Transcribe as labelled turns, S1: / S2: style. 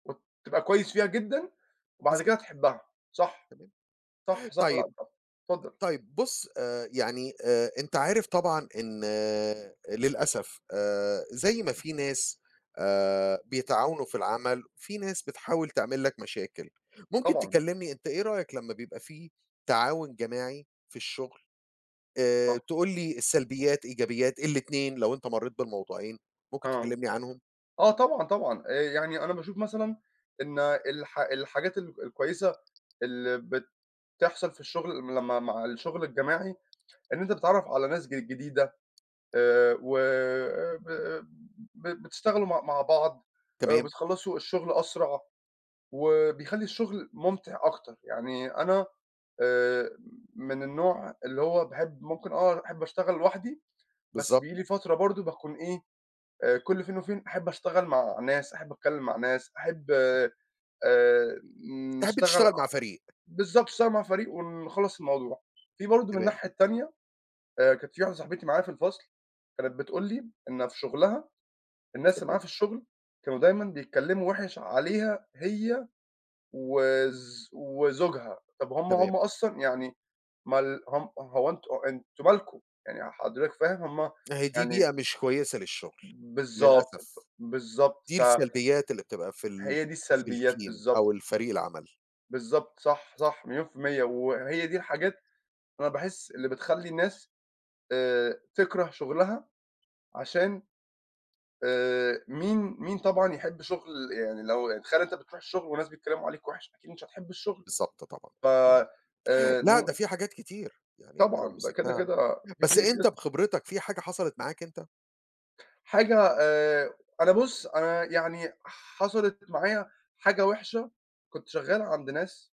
S1: امم، تبقى كويس فيها جدًا، وبعد
S2: بالضبط.
S1: كده تحبها. صح،
S2: تمام.
S1: صح، صح، لأ،
S2: طيّب
S1: صح. اتفضل.
S2: طيّب بُص، آآ، يعني، آآ، أنت عارف طبعًا إن للأسف آآ، زي ما فيه ناس، آآ، بيتعاونوا في العمل، فيه ناس بتحاول تعمل لك مشاكل. ممكن
S1: طبعًا.
S2: تكلمني أنت إيه رأيك لمّا بيبقى فيه تعاون جماعي في الشغل؟ آآ،
S1: صح.
S2: تقول لي السلبيات، إيجابيات، الاتنين، لو أنت مرّيت بالموضوعين، ممكن
S1: آه.
S2: تكلمني عنهم؟
S1: آه، طبعًا، طبعًا. آآ، يعني أنا باشوف مثلًا إن الحا الحاجات الك الكويّسة اللي بت تحصل في الشغل لما مع الشغل الجماعي إن أنت بتتعرف على ناس ج جديدة، آآ، و آآ، ب بتشتغلوا م مع بعض، آآ،
S2: تمام.
S1: وبتخلصوا الشغل أسرع، وبيخلّي الشغل ممتع أكتر. يعني أنا، آآ، من النوع اللي هو باحب ممكن آه أحب أشتغل لوحدي، بس
S2: بالضبط.
S1: بييجي لي فترة برضه باكون إيه؟ آآ، كل فين وفين أحب أشتغل مع ناس، أحب أتكلّم مع ناس، أحب، آآ
S2: تحب
S1: نشتغل
S2: تشتغل
S1: ع
S2: مع فريق.
S1: بالضبط، نشتعل مع فريق ونخلص الموضوع. فيه برضه من
S2: تمام.
S1: الناحية التانية، آآ، كانت فيه واحدة صاحبتي معايا في الفصل، كانت بتقول لي إن في شغلها الناس اللي معاها
S2: تمام.
S1: في الشغل كانوا دايمًا بيتكلّموا وِحِش عليها هي وز وزوجها. طَب هُم هُم
S2: تمام.
S1: أصلًا يعني مال هُم هو أنتم، أنتم مالكم؟ يعني حضرتك فاهم؟ هُم
S2: اهي دي بيئة
S1: يعني
S2: مش كويّسة للشغل،
S1: بالضبط ف
S2: للأسف.
S1: بالضبط
S2: دي
S1: ف
S2: السلبيات اللي بتبقى في ال
S1: هي دي
S2: في
S1: السلبيات،
S2: الteam
S1: بالضبط.
S2: أو الفريق العمل.
S1: بالضبط، صح، صح، مليون في المِيّة وهي دي الحاجات أنا باحس اللي بتخلّي الناس، آآ، تكره شغلها عشان، آآ، مين مين طبعًا يحب شغل يعني لو يعني تخيل أنت بتروح الشغل وناس بيتكلّموا عليك وِحِش، أكيد مش هتحب الشغل.
S2: بالضبط، طبعًا،
S1: ف
S2: طبعًا.
S1: آآ،
S2: لأ، ده
S1: نو
S2: فيه حاجات كتير، يعني أنت لو
S1: طبعًا ده كده
S2: مسكتها
S1: كده
S2: بس
S1: فيه
S2: أنت
S1: [unintelligible]
S2: بخبرتك، فيه حاجة حصلت معاك أنت؟
S1: حاجة، آآ، أنا بُص أنا يعني حصلت معايا حاجة وحشة، كنت شغّالها عند ناس